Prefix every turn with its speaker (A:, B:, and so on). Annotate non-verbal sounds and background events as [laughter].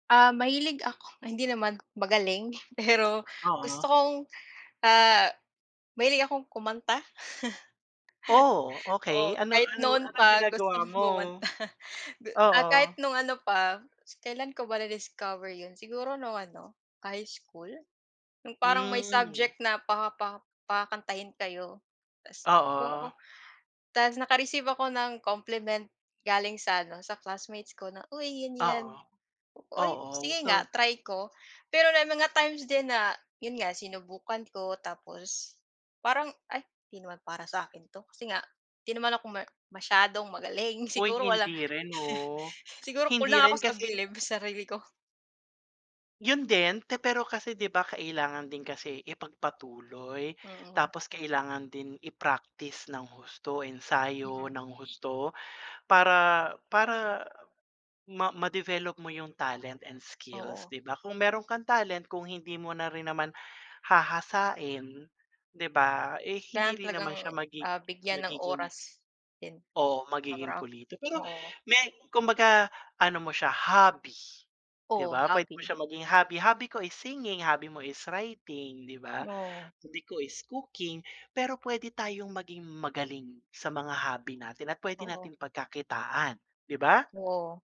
A: Ah, mahilig ako hindi naman magaling, pero gusto
B: Oo.
A: kong, ah, mahilig akong kumanta.
B: Oh!
A: [laughs]
B: Okey.
A: Oo,
B: Ano
A: kahit
B: ano
A: noon
B: anong
A: pa gusto
B: ginagawa
A: kong
B: mo?
A: kumanta. Gu ah, kahit
B: Oo.
A: nung ano pa, kailan ko ba discover yun? Siguro nung ano, high school? Yung parang may
B: Hmm.
A: subject na pa pa pakakantahin kayo ta's oo.
B: Oo.
A: Ta's naka-receive ako ng compliment galing sa ano, sa classmates ko na, "Uy, 'yan 'yan."
B: Oo.
A: "Uy,
B: Oo.
A: sige nga.
B: So
A: Try ko." Pero may mga times din na yun nga, sinubukan ko tapos parang, "Ay, 'di naman para sa'kin 'to." Kasi nga 'di naman ako ma masyadong magaling.
B: Uy
A: Siguro wala
B: hindi rin 'no.
A: [laughs] siguro
B: Hindi
A: kulang ako
B: rin
A: sa
B: kasi
A: bilib sa sarili ko.
B: Yun din, pe pero kasi di ba kailangan din kasi ipagpatuloy
A: Mm.
B: tapos kailangan din i-practice ng husto, ensayo
A: Mm.
B: ng husto para para ma ma-develop mo yung talent and skills,
A: Oo.
B: di ba? Kung meron kang talent, kung hindi mo na rin naman hahasain, di ba, eh, hindi
A: Kailangan
B: rin naman
A: talagang,
B: siya magi
A: ah, bigyan ng
B: magiging
A: oras din,
B: Oo, magiging
A: araw.
B: pulido. Pero
A: Oo.
B: may kumbaga ano mo siya, hobby. Di
A: Oh,
B: ba puwede mo
A: hobby.
B: siya maging hobby. Hobby ko is singing, hobby mo is writing, 'di ba?
A: Oo.
B: Hobby ko is cooking, pero puwede tayong maging magaling sa mga hobby natin at pwede
A: Oo.
B: nating pagkakitaan, 'di ba?
A: Oo.